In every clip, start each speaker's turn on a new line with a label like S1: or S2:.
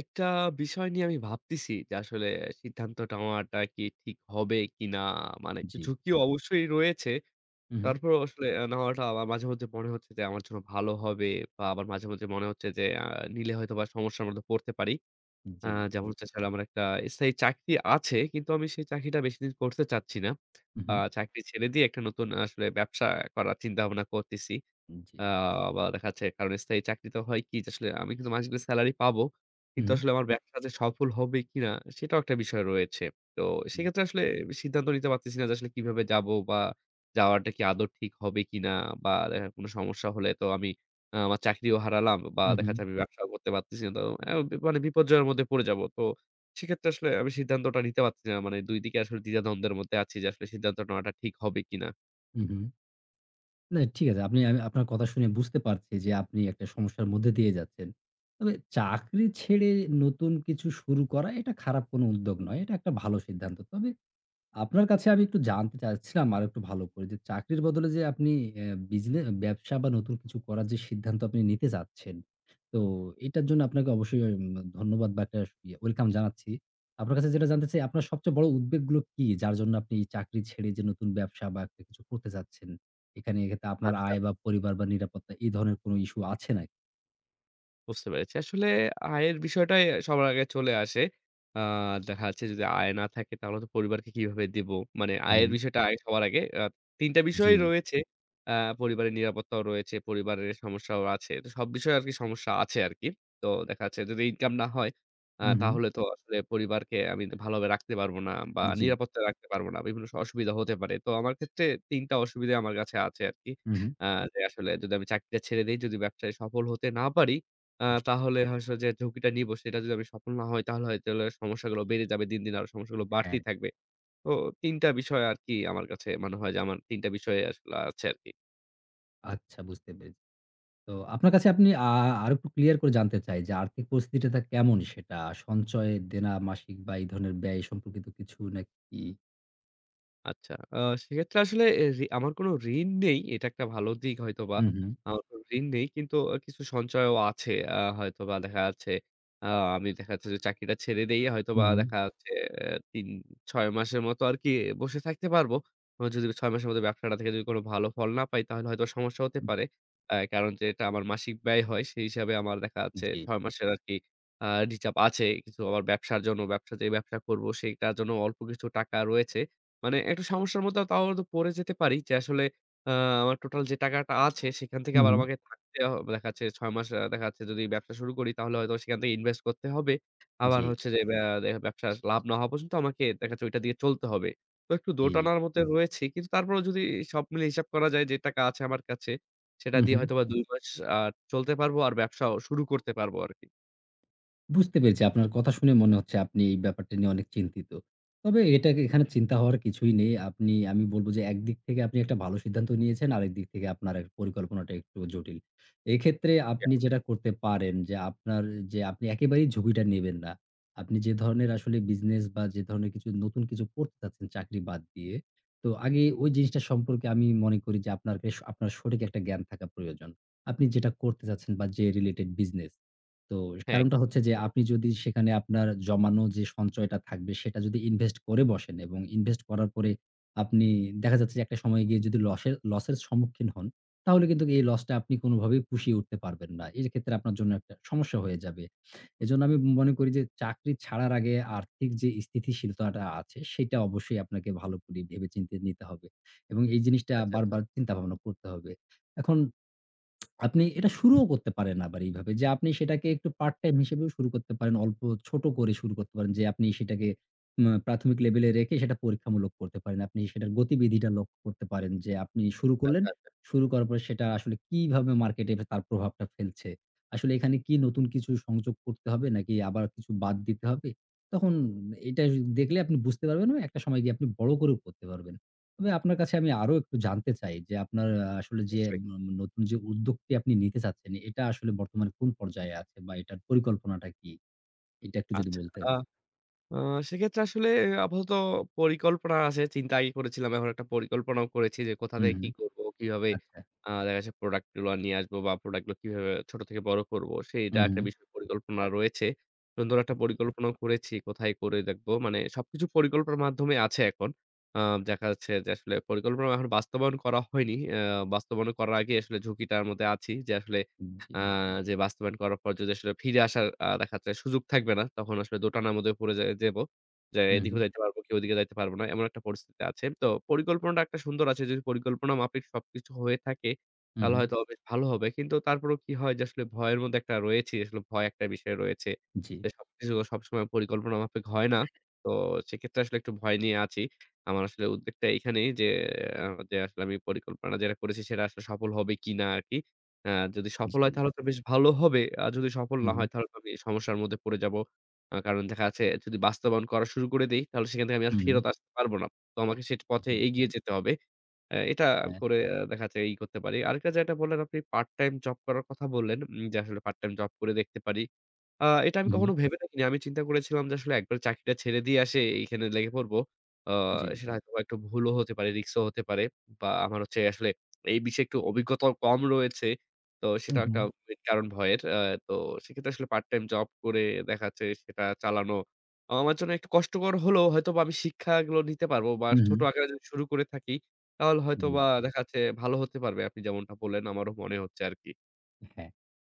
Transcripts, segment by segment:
S1: একটা বিষয় নিয়ে আমি ভাবতেছি যে আসলে সিদ্ধান্তটা নেওয়াটা কি ঠিক হবে কিনা? মানে একটু
S2: জি।
S1: ঝুঁকি অবশ্যই রয়েছে।
S2: উম হুম।
S1: তারপরও আসলে আ নেওয়াটা আলা মাঝেমধ্যে মনে হচ্ছে যে আমার জন্য ভালো হবে বা আবার মাঝেমধ্যে মনে হচ্ছে যে আ নিলে হয়তোবা সমস্যার মধ্যে পড়তে পারি। আ
S2: জি।
S1: যেমন হচ্ছে আসলে আমার একটা স্থায়ী চাকরি আছে কিন্তু আমি সেই চাকরিটা বেশিদিন করতে চাচ্ছি না। আ
S2: উহুম।
S1: চাকরি ছেড়ে দিয়ে একটা নতুন আসলে ব্যবসা করার চিন্তাভাবনা করতেছি। আ
S2: জি।
S1: বা দেখা যাচ্ছে কারণ স্থায়ী চাকরিতে হয় কি যে আসলে আমি কিন্তু মাস গেলে salary পাবো। কিন্তু
S2: হুম।
S1: আসলে আমার ব্যবসা যে সফল হবে কিনা সেটাও একটা বিষয় রয়েছে। তো
S2: উ
S1: সেক্ষেত্রে আসলে আমি সিদ্ধান্ত নিতে পারতেছি না যে আসলে কিভাবে যাব বা যাওয়াটা কি আদৌ ঠিক হবে কিনা বা দেখা কোন সমস্যা হলে তো আমি আ আমার চাকরিও হারালাম বা দেখা
S2: উহুম।
S1: যাচ্ছে আমি ব্যবসাও করতে পারতেছি না তো অও মানে বিপর্জয়ের মধ্যে পড়ে যাব। তো সেক্ষেত্রে আসলে আমি সিদ্ধান্তটা নিতে পারতেছি না। মানে ২ দিকে আসলে দ্বিধা-দ্বন্দ্বে মধ্যে আছি যে আসলে সিদ্ধান্ত নেওয়াটা ঠিক হবে কিনা?
S2: উহুম। না, ঠিক আছে। আপনি আ আপনার কথা শুনে বুঝতে পারছি যে, আপনি একটা সমস্যার মধ্যে দিয়ে যাচ্ছেন। তবে চাকরি ছেড়ে নতুন কিছু শুরু করা এটা খারাপ কোন উদ্যোগ নয়। এটা একটা ভালো সিদ্ধান্ত। তবে আপনার কাছে আমি একটু জানতে চাচ্ছিলাম আরেকটু ভালো করে যে, চাকরির বদলে যে আপনি এ্যা বিজনে ব্যবসা বা নতুন কিছু করার যে সিদ্ধান্ত আপনি নিতে চাচ্ছেন, তো এটার জন্য আপনাকে অবশ্যই উম ধন্যবাদ বা একটা আস welcome জানাচ্ছি। আপনার কাছে যেটা জানতে চাই, আপনার সবচেয়ে বড় উদ্বেগগুলো কি? যার জন্য আপনি এই চাকরি ছেড়ে যে নতুন ব্যবসা বা একটা কিছু করতে চাচ্ছেন, এখানে, এক্ষেত্রে আপনার
S1: আচ্ছা।
S2: আয় বা পরিবার বা নিরাপত্তা এই ধরনের কোন issue আছে নাকি?
S1: বুঝতে পেরেছি। আসলে আয়ের বিষয়টাই সবার আগে চলে আসে। আ দেখা যাচ্ছে যদি আয় না থাকে তাহলে তো পরিবারকে কিভাবে দিব? মানে আয়ের
S2: উহু।
S1: বিষয়টা আয় হওয়ার আগে আ ৩ টা বিষয়
S2: জ্বী।
S1: রয়েছে। আ পরিবারের নিরাপত্তাও রয়েছে, পরিবারের সমস্যাও আছে। তো সব বিষয়ে আরকি সমস্যা আছে আরকি। তো দেখা যাচ্ছে যদি income না হয় আ
S2: উহুম।
S1: তাহলে তো আসলে পরিবারকে আমি তো ভালো ভাবে রাখতে পারব না বা
S2: জ্বী।
S1: নিরাপদে রাখতে পারব না। বিভিন্ন স অসুবিধা হতে পারে। তো আমার ক্ষেত্রে ৩ টা অসুবিধা আমার কাছে আছে আরকি।
S2: উহুম।
S1: আ যে আসলে যদি আমি চাকরিটা ছেড়ে দেই, যদি ব্যবসায় সফল হতে না পারি আ
S2: জ্বী।
S1: তাহলে হয়তো যে ঝুঁকিটা নিব সেটা যদি আমি সফল না হই। তাহলে হয়তো সমস্যা গুলো বেড়ে যাবে। দিন, দিন, আরও সমস্যাগুলো
S2: হ্যাঁ।
S1: বাড়তেই থাকবে। তো ৩ টা বিষয় আরকি আমার কাছে মনে হয় যে আমার ৩ টা বিষয় আসলে আছে আরকি।
S2: আচ্ছা বুঝতে পেরে তো আপনার কাছে আপনি আ আরও একটু clear করে জানতে চাই যে, আর্থিক পরিস্থিতিটা কেমন সেটা? সঞ্চয়, দেনা, মাসিক বা এই ধরনের ব্যয় সম্পর্কিত কিছু নাকি?
S1: আচ্ছা, আ সেক্ষেত্রে আসলে এ রি আমার কোন ঋণ নেই। এটা একটা ভালো দিক হয়তোবা।
S2: উম হুম।
S1: আমার কোন ঋণ নেই। কিন্তু অ কিছু সঞ্চয়ও আছে আ হয়তোবা দেখা যাচ্ছে। আ আমি দেখা যাচ্ছে যে চাকরিটা ছেড়ে দেই হয়তোবা
S2: উহুম।
S1: দেখা যাচ্ছে ৩-৬ মাসের মতো আরকি বসে থাকতে পারব। বা যদি ৬ মাসের মধ্যে ব্যবসাটা থেকে যদি কোন ভালো ফল না পাই তাহলে হয়তো সমস্যা হতে
S2: উ
S1: পারে। এ্যা কারণ যেটা আমার মাসিক ব্যয় হয় সেই হিসাবে আমার দেখা যাচ্ছে
S2: জ্বী।
S1: ৬ মাসের আরকি আ reserve আছে। কিছু আমার ব্যবসার জন্য, ব্যবসা যে ব্যবসা করব সেটার জন্য অল্প কিছু টাকা রয়েছে। মানে একটু সমস্যার মধ্যেও তাও হয়তো পড়ে যেতে পারি যে আসলে আ আমার total যে টাকাটা আছে সেখান থেকে আবার
S2: উহুম।
S1: আমাকে থাকতে হ দেখা যাচ্ছে ৬ মাস আ দেখা যাচ্ছে যদি ব্যবসা শুরু করি তাহলে হয়তো সেখান থেকে invest করতে হবে। আবার
S2: জ্বী।
S1: হচ্ছে যে এইবা দে ব্যবসার লাভ না হওয়া পর্যন্ত আমাকে দেখা যাচ্ছে ওইটার দিকে চলতে হবে। তো একটু
S2: জ্বী।
S1: দোটানার মধ্যে রয়েছি। কিন্তু তারপরও যদি সব মিলিয়ে হিসাব করা যায় যে টাকা আছে আমার কাছে সেটা দিয়ে
S2: উহুম।
S1: হয়তোবা ২ মাস আ চলতে পারব আর ব্যবসাও শুরু করতে পারব আরকি।
S2: বুঝতে পেরেছি। আপনার কথা শুনে মনে হচ্ছে আপনি এই ব্যাপারটি নিয়ে অনেক চিন্তিত। তবে এটাকে এখানে চিন্তা হওয়ার কিছুই নেই। আপনি আমি বলব যে, একদিক থেকে আপনি একটা ভালো সিদ্ধান্ত নিয়েছেন। আরেকদিক থেকে আপনার পরিকল্পনাটা একটু জটিল। এক্ষেত্রে আপনি
S1: [unintelligible]
S2: যেটা করতে পারেন যে, আপনার যে আপনি একেবারেই ঝুঁকিটা নেবেন না। আপনি যে ধরনের আসলে business বা যে ধরনের কিছু নতুন কিছু করতে চাচ্ছেন চাকরি বাদ দিয়ে, তো আগে ওই জিনিসটা সম্পর্কে আমি মনে করি যে, আপনার বেশ আপনার সঠিক একটা জ্ঞান থাকা প্রয়োজন। আপনি যেটা করতে চাচ্ছেন বা যে related business। তো
S1: হ্যাঁ।
S2: কারণটা হচ্ছে যে, আপনি যদি সেখানে আপনার জমানো যে সঞ্চয়টা থাকবে সেটা যদি invest করে বসেন এবং invest করার পরে আপনি দেখা যাচ্ছে একটা সময়ে গিয়ে যদি লসের লসের সম্মুখীন হন, তাহলে কিন্তু এই loss-টা আপনি কোনভাবেই পুষিয়ে উঠতে পারবেন না। এক্ষেত্রে আপনার জন্য একটা সমস্যা হয়ে যাবে। এজন্য আমি মনে করি যে, চাকরি ছাড়ার আগে আর্থিক যে স্থিতিশীলতাটা আছে সেটা অবশ্যই আপনাকে ভালো করে ভেবেচিন্তে নিতে হবে। এবং এই জিনিসটা
S1: আচ্ছা, আচ্ছা।
S2: বারবার চিন্তাভাবনা করতে হবে। এখন আপনি এটা শুরুও করতে পারেন আবার এইভাবে যে, আপনি সেটাকে একটু part time হিসেবেও শুরু করতে পারেন। অল্প, ছোট করে শুরু করতে পারেন। যে আপনি সেটাকে উম প্রাথমিক লেভেলে রেখে সেটা পরীক্ষামূলক করতে পারেন। আপনি সেটার গতিবিধিটা লক্ষ্য করতে পারেন। যে আপনি শুরু করলেন,
S1: [unintelligible]
S2: শুরু করার পরে সেটা আসলে কিভাবে মার্কেটে বে তার প্রভাবটা ফেলছে। আসলে এখানে কি নতুন কিছু সংযোগ করতে হবে নাকি আবার কিছু বাদ দিতে হবে? তখন এটা দেখলে আপনি বুঝতে পারবেন বা একটা সময় গিয়ে আপনি বড় করেও করতে পারবেন। তবে আপনার কাছে আমি আরও একটু জানতে চাই যে, আপনার আ আসলে যে
S1: অবশ্যই।
S2: ন নতুন যে উদ্যোগটি আপনি নিতে চাচ্ছেন এটা আসলে বর্তমানে কোন পর্যায়ে আছে বা এটার পরিকল্পনাটা কি? এটা একটু যদি
S1: আচ্ছা।
S2: বলতেন।
S1: আ আ সেক্ষেত্রে আসলে আপাতত পরিকল্পনা আছে। চিন্তা আগেই করেছিলাম। এখন একটা পরিকল্পনাও করেছি যে কোথা
S2: হুম,
S1: থেকে কি
S2: হুম,
S1: করব, কিভাবে
S2: আচ্ছা।
S1: আ দেখা যাচ্ছে product গুলো নিয়ে আসব বা product গুলো কিভাবে ছোট থেকে বড় করব। সেটা
S2: উহ
S1: একটা
S2: হু।
S1: বিষয়ে পরিকল্পনা রয়েছে। সুন্দর একটা পরিকল্পনাও করেছি কোথায় করে দেখব। মানে সবকিছু পরিকল্পনার মাধ্যমে আছে এখন। আ দেখা যাচ্ছে যে আসলে পরিকল্পনা এখন বাস্তবায়ন করা হয়নি। এ্যা বাস্তবায়ন করার আগেই আসলে ঝুঁকিটার মধ্যে আছি। যে আসলে
S2: উম জ্বী।
S1: আ যে বাস্তবায়ন করার পর যদি আসলে ফিরে আসার আ দেখাচ্ছে সুযোগ থাকবে না তখন আসলে দোটানার মধ্যে পড়ে যা যাব। যে
S2: উম হু।
S1: এদিকেও যাইতে পারব কি ওদিকে যাইতে পারব না এমন একটা পরিস্থিতিতে আছে। তো পরিকল্পনাটা একটা সুন্দর আছে। যদি পরিকল্পনা মাফিক সবকিছু হয়ে থাকে তাহলে
S2: উহু।
S1: হয়তোবা বেশ ভালো হবে। কিন্তু তারপরও কি হয় যে আসলে ভয়ের মধ্যে একটা রয়েছি। আসলে ভয় একটা বিষয় রয়েছে।
S2: জ্বী।
S1: যে সবকিছু সবসময় পরিকল্পনা মাফিক হয় না। তো সেক্ষেত্রে আসলে একটু ভয় নিয়ে আছি। আমার আসলে উদ্ভেক এইখানেই যে আ যে আসলে আমি পরিকল্পনা যেটা করেছি সেটা আসলে সফল হবে কিনা আরকি। এ্যা যদি সফল হয়
S2: জ্বী।
S1: তাহলে তো বেশ ভালো হবে। আর যদি সফল না
S2: উহু।
S1: হয় তাহলে আমি সমস্যার মধ্যে পড়ে যাব। আ কারণ দেখা যাচ্ছে যদি বাস্তবায়ন করা শুরু করে দেই তাহলে সেখান থেকে আমি আর
S2: উহু।
S1: ফেরত আসতে পারব না। তো আমাকে সেই পথে
S2: জ্বী।
S1: এগিয়ে যেতে হবে। এ্যা এটা
S2: হ্যাঁ।
S1: করে দেখা যাচ্ছে ই করতে পারি। আরেকটা যেটা বললেন আপনি part time job করার কথা বললেন উম যে আসলে part time job করে দেখতে পারি। আ এটা আমি
S2: উহু।
S1: কখনো ভেবে দেখিনি। আমি চিন্তা করেছিলাম যে আসলে একবারে চাকরিটা ছেড়ে দিয়ে এসে এইখানে লেগে পড়ব। অ্যা
S2: জ্বী।
S1: সেটা হয়তোবা একটু ভুলও হতে পারে, রিস্কও হতে পারে বা আমার হচ্ছে আসলে এই বিষয়ে একটু অভিজ্ঞতাও কম রয়েছে। তো সেটা একটা
S2: উহু।
S1: মেইন কারণ ভয়ের। অ্যা তো সেক্ষেত্রে আসলে part time job করে দেখাচ্ছে সেটা চালানো আমার জন্য একটু কষ্টকর হলেও হয়তোবা আমি শিক্ষাগুলো নিতে পারবো বা ছোট
S2: উহু।
S1: আকারে যদি শুরু করে থাকি তাহলে হয়তোবা
S2: জ্বী।
S1: দেখাচ্ছে ভালো হতে পারবে। আপনি যেমনটা বললেন আমারও মনে হচ্ছে আর কি।
S2: এ হ্যাঁ,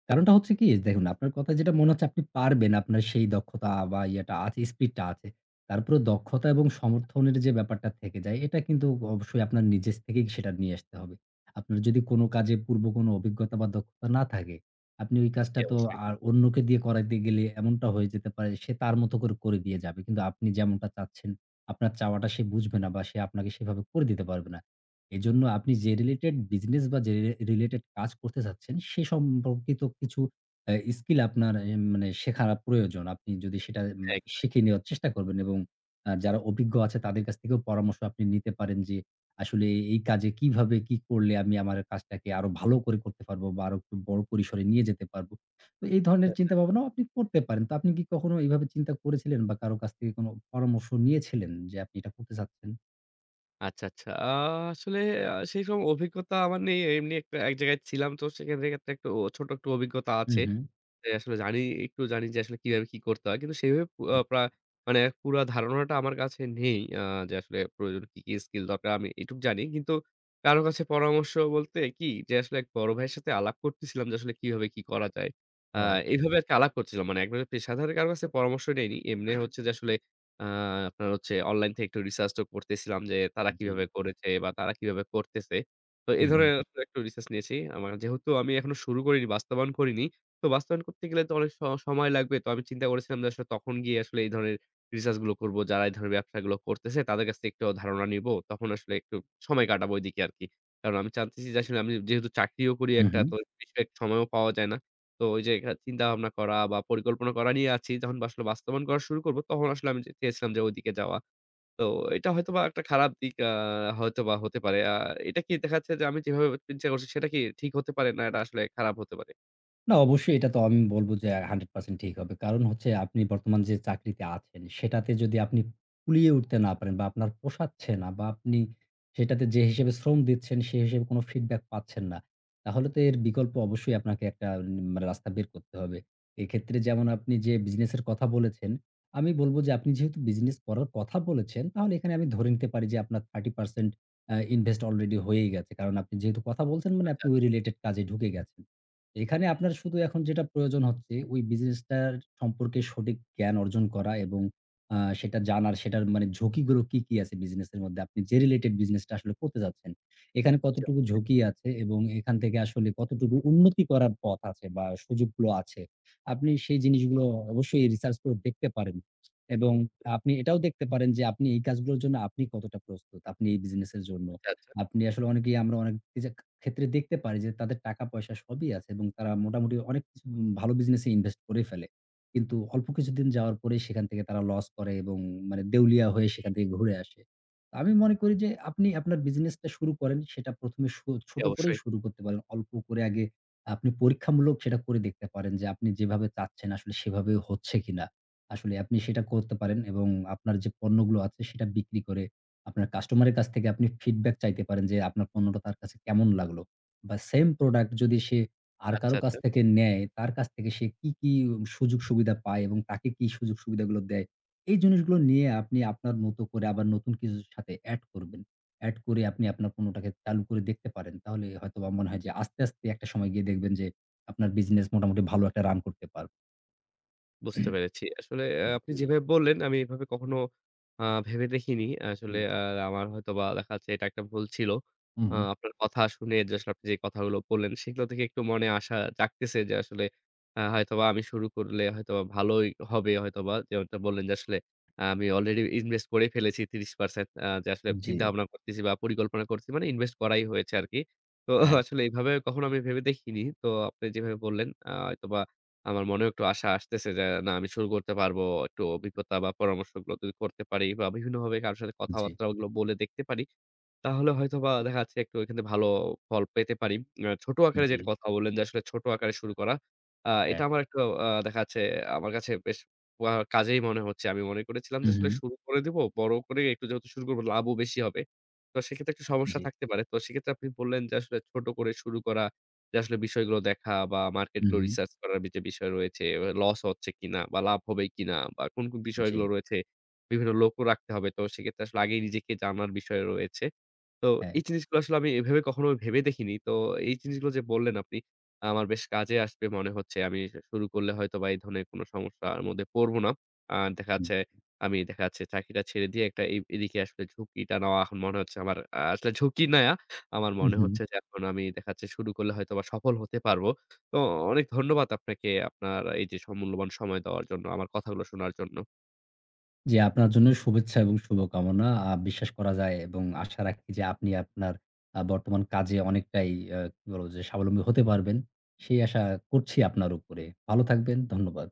S2: কারণটা হচ্ছে কি দেখুন, আপনার কথায় যেটা মনে হচ্ছে আপনি পারবেন। আপনার সেই দক্ষতা বা ইয়াটা আছে, speed টা আছে। তার উপরে দক্ষতা এবং সমর্থনের যে ব্যাপারটা থেকে যায় এটা কিন্তু অবশ্যই আপনার নিজের স থেকেই সেটা নিয়ে আসতে হবে। আপনার যদি কোনো কাজে পূর্ব কোনো অভিজ্ঞতা বা দক্ষতা না থাকে, আপনি ওই কাজটা
S1: জ্বি
S2: তো
S1: অবশ্যই।
S2: আর অন্যকে দিয়ে করাইতে গেলে এমনটা হয়ে যেতে পারে সে তার মতো করে, করে দিয়ে যাবে। কিন্তু আপনি যেমনটা চাচ্ছেন, আপনার চাওয়াটা সে বুঝবে না বা সে আপনাকে সেভাবে করে দিতে পারবে না। এজন্য আপনি যে related business বা যে রে related কাজ করতে চাচ্ছেন সে সম্পর্কিত কিছু আ skill আপনার এ মানে শেখা প্রয়োজন। আপনি যদি সেটা মে
S1: একদম।
S2: শিখে নেওয়ার চেষ্টা করবেন এবং আ যারা অভিজ্ঞ আছে তাদের কাছ থেকেও পরামর্শ আপনি নিতে পারেন যে আসলে এ এই কাজে কিভাবে কি করলে আমি আমার কাজটাকে আরও ভালো করে করতে পারব বা আরও একটু বড় পরিসরে নিয়ে যেতে পারব। তো এই
S1: আচ্ছা,
S2: ধরনের
S1: আচ্ছা।
S2: চিন্তাভাবনাও আপনি করতে পারেন। তো আপনি কি কখনো এভাবে চিন্তা করেছিলেন বা কারো কাছ থেকে কোনো পরামর্শ নিয়েছিলেন যে আপনি এটা করতে চাচ্ছেন?
S1: আচ্ছা, আচ্ছা। আ আসলে আ সেইসব অভিজ্ঞতা আমার নেই। এমনি একটা এক জায়গায় ছিলাম তো সে ক্ষেন ক্ষেত্রে ও একটু ছোট একটু অভিজ্ঞতা
S2: হুম,
S1: আছে।
S2: হুম।
S1: যে আসলে জানি একটু জানি যে আসলে কিভাবে কি করতে হয়। কিন্তু সেইভাবে আ
S2: হুম।
S1: প্রায় মানে পুরা ধারণাটা আমার কাছে নেই। অ্যা যে আসলে প্রয়োজন কি, কি skill দরকার আমি এইটুক জানি। কিন্তু কারো কাছে পরামর্শ বলতে কি যে আসলে এক বড় ভাইয়ের সাথে আলাপ করতেছিলাম যে আসলে কিভাবে কি করা যায়। অ্যা
S2: ও আ
S1: এইভাবে আরকি আলাপ করছিলাম। মানে একজন থেকে পেশাদার কারো কাছে পরামর্শ নেইনি। এমনি হচ্ছে যে আসলে অ্যা আপনার হচ্ছে online থেকে একটু research তো করতেছিলাম যে তারা
S2: জি।
S1: কিভাবে করেছে বা তারা কিভাবে করতেছে। তো এই
S2: হুম, হুম।
S1: ধরনের আসলে একটু research নিয়েছি। আমার যেহেতু আমি এখনো শুরু করিনি, বাস্তবায়ন করিনি। তো বাস্তবায়ন করতে গেলে তো অনেক স সময় লাগবে। তো আমি চিন্তা করেছিলাম যে আসলে তখন গিয়ে আসলে এই ধরনের research গুলো করব। যারা এই ধরনের ব্যবসাগুলো করতেছে তাদের কাছ থেকে একটু ধারণা নিব। তখন আসলে একটু সময় কাটাবো ওইদিকে আরকি। কারণ আমি জানতেছি যে আসলে আমি যেহেতু চাকরিও করি একটা
S2: উহু।
S1: তো বিশেষ সময়ও পাওয়া যায় না। তো ওইযে আ চিন্তা-ভাবনা করা বা পরিকল্পনা করা নিয়ে আছি। তখন বা আসলে বাস্তবায়ন করা শুরু করব তখন আসলে আমি চেয়েছিলাম যে ওইদিকে যাওয়া। তো এটা হয়তোবা একটা খারাপ দিক অ্যা হয়তোবা হতে পারে। আ এটা কি দেখা যাচ্ছে যে আমি যেভাবে চিন্তা করছি সেটা কি ঠিক হতে পারে, না এটা আসলে খারাপ হতে পারে?
S2: না। অবশ্যই এটা তো আমি বলব যে, আ ১০০% ঠিক হবে। কারণ হচ্ছে আপনি বর্তমান যে চাকরিতে আছেন সেটাতে যদি আপনি কুলিয়ে উঠতে না পারেন বা আপনার পোষাচ্ছে না বা আপনি সেটাতে যে হিসেবে শ্রম দিচ্ছেন সে হিসেবে কোন feedback পাচ্ছেন না, তাহলে তো এর বিকল্প অবশ্যই আপনাকে একটা মানে রাস্তা বের করতে হবে। এক্ষেত্রে যেমন আপনি যে business এর কথা বলেছেন, আমি বলব যে আপনি যেহেতু business করার কথা বলেছেন, তাহলে এখানে আমি ধরে নিতে পারি যে আপনার ৩০% এ্যা invest already হয়েই গেছে। কারণ আপনি যেহেতু কথা বলছেন মানে আপনি ওই
S1: আচ্ছা।
S2: related কাজে ঢুকে গেছেন। এখানে আপনার শুধু এখন যেটা প্রয়োজন হচ্ছে ওই business টার সম্পর্কে সঠিক জ্ঞান অর্জন করা এবং আ সেটা জানার, সেটার মানে ঝুঁকি গুলো কি, কি, আছে business এর মধ্যে। আপনি যে related business টা আসলে করতে চাচ্ছেন এখানে
S1: জি,
S2: কতটুকু
S1: অবশ্যই।
S2: ঝুঁকি আছে এবং এখান থেকে আসলে কতটুকু উন্নতি করার পথ আছে বা সুযোগগুলো আছে। আপনি সেই জিনিসগুলো অবশ্যই research করে দেখতে পারেন এবং আপনি এটাও দেখতে পারেন যে আপনি এই কাজগুলোর জন্য আপনি কতটা প্রস্তুত, আপনি এই business এর জন্য।
S1: আচ্ছা।
S2: আপনি আসলে অনেকেই আমরা [unintelligible] অনেক ক্ষেত্রে দেখতে পারি যে তাদের টাকা-পয়সা সবই আছে এবং তারা মোটামুটি অনেক [unintelligible] ভালো business এ invest করেই ফেলে। কিন্তু অল্প কিছুদিন যাওয়ার পরেই সেখান থেকে তারা loss করে এবং মানে দেউলিয়া হয়ে সেখান থেকে ঘুরে আসে। তো আমি মনে করি যে আপনি আপনার business টা শুরু করেন সেটা ১ম এ সো
S1: জি,
S2: ছোট করেই
S1: অবশ্যই।
S2: শুরু করতে পারেন। অল্প করে আগে আপনি পরীক্ষামূলক সেটা করে দেখতে পারেন যে আপনি যেভাবে চাচ্ছেন আসলে সেভাবে হচ্ছে কিনা? আসলে আপনি সেটা করতে পারেন এবং আপনার যে পণ্যগুলো আছে সেটা বিক্রি করে, আপনার customer এর কাছ থেকে আপনি feedback চাইতে পারেন যে, আপনার পণ্যটা তার কাছে কেমন লাগলো। বা same product যদি সে আর,
S1: আচ্ছা,
S2: কারো কাছ
S1: আচ্ছা।
S2: থেকে নেয়, তার কাছ থেকে সে কি, কি সুযোগ-সুবিধা পায় এবং তাকে কি সুযোগ-সুবিধাগুলো দেয়। এই জিনিসগুলো নিয়ে আপনি আপনার মতো করে আবার নতুন কিছুর সাথে add করবেন। add করে আপনি আপনার পণ্যটাকে চালু করে দেখতে পারেন। তাহলে হয়তোবা মনে হয় যে আস্তে, আস্তে, একটা সময় গিয়ে দেখবেন যে, আপনার business মোটামুটি ভালো একটা run করতে পারবে।
S1: বুঝতে পেরেছি। আসলে
S2: উম
S1: আপনি
S2: জি।
S1: যেভাবে বললেন আমি এভাবে কখনো অ্যা ভেবে দেখিনি। আসলে
S2: উ
S1: অ্যা আমার হয়তোবা দেখা যাচ্ছে এটা একটা ভুল ছিল। অ্যা
S2: উম
S1: আপনার কথা শুনে যে আসলে আপনি যে কথাগুলো বললেন সেগুলো থেকে একটু মনে আশা জাগতেছে যে আসলে আ হয়তোবা আমি শুরু করলে হয়তোবা ভালোই হবে। হয়তোবা যেমনটা বললেন যে আসলে আমি already invest করেই ফেলেছি ৩০% অ্যা যে আসলে চিন্তা
S2: জি।
S1: ভাবনা করতেছি বা পরিকল্পনা করছি মানে invest করাই হয়েছে আরকি। তো
S2: হ্যাঁ।
S1: আসলে এইভাবে কখনো আমি ভেবে দেখিনি। তো আপনি যেভাবে বললেন অ্যা হয়তোবা আমার মনেও একটু আশা আসতেছে যে না আমি শুরু করতে পারবো। একটু অভিজ্ঞতা বা পরামর্শগুলো যদি করতে পারি বা বিভিন্ন ভাবে কারো সাথে
S2: জি।
S1: কথাবার্তাগুলো বলে দেখতে পারি তাহলে হয়তোবা দেখা যাচ্ছে একটু এখান থেকে ভালো ফল পেতে পারি। এ ছোট আকারে
S2: জি।
S1: যেটা কথা বললেন যে আসলে ছোট আকারে শুরু করা, অ্যা এটা
S2: হ্যাঁ।
S1: আমার একটু অ্যা দেখা যাচ্ছে আমার কাছে বেশ ম কাজেই মনে হচ্ছে। আমি মনে করেছিলাম যে আসলে
S2: উহুম।
S1: শুরু করে দিব বড় করে একটু যেহেতু শুরু করব লাভও বেশি হবে। তো সেক্ষেত্রে একটু সমস্যা
S2: জি।
S1: থাকতে পারে। তো সেক্ষেত্রে আপনি বললেন যে আসলে ছোট করে শুরু করা, যে আসলে বিষয়গুলো দেখা বা market গুলো
S2: উহুম।
S1: research করার যে বিষয় রয়েছে, loss হচ্ছে কিনা বা লাভ হবে কিনা বা কোন, কোন বিষয়গুলো
S2: জি।
S1: রয়েছে, বিভিন্ন লোকও রাখতে হবে। তো সেক্ষেত্রে আসলে আগেই নিজেকে জানার বিষয় রয়েছে। তো
S2: হ্যাঁ।
S1: এই জিনিসগুলো আসলে আমি এভাবে কখনো ভেবে দেখিনি। তো এই জিনিসগুলো যে বললেন আপনি আমার বেশ কাজে আসবে মনে হচ্ছে। আমি শুরু করলে হয়তোবা এই ধরনের কোনো সমস্যার মধ্যে পড়বো না। আ দেখা
S2: হুম।
S1: যাচ্ছে আমি দেখা যাচ্ছে চাকরিটা ছেড়ে দিয়ে একটা এ এই দিকে আসলে ঝুঁকিটা নেওয়া এখন মনে হচ্ছে আমার আ আসলে ঝুঁকি না, আমার
S2: উ
S1: মনে
S2: হুম।
S1: হচ্ছে যে এখন আমি দেখা যাচ্ছে শুরু করলে হয়তোবা সফল হতে পারবো। তো অনেক ধন্যবাদ আপনাকে আপনার এইযে স মূল্যবান সময় দেওয়ার জন্য, আমার কথাগুলো শোনার জন্য।
S2: জি। আপনার জন্য শুভেচ্ছা এবং শুভকামনা। আ বিশ্বাস করা যায় এবং আশা রাখি যে আপনি আপনার আ বর্তমান কাজে অনেকটাই আ কি বলব যে স্বাবলম্বী হতে পারবেন। সেই আশা করছি আপনার উপরে। ভালো থাকবেন। ধন্যবাদ।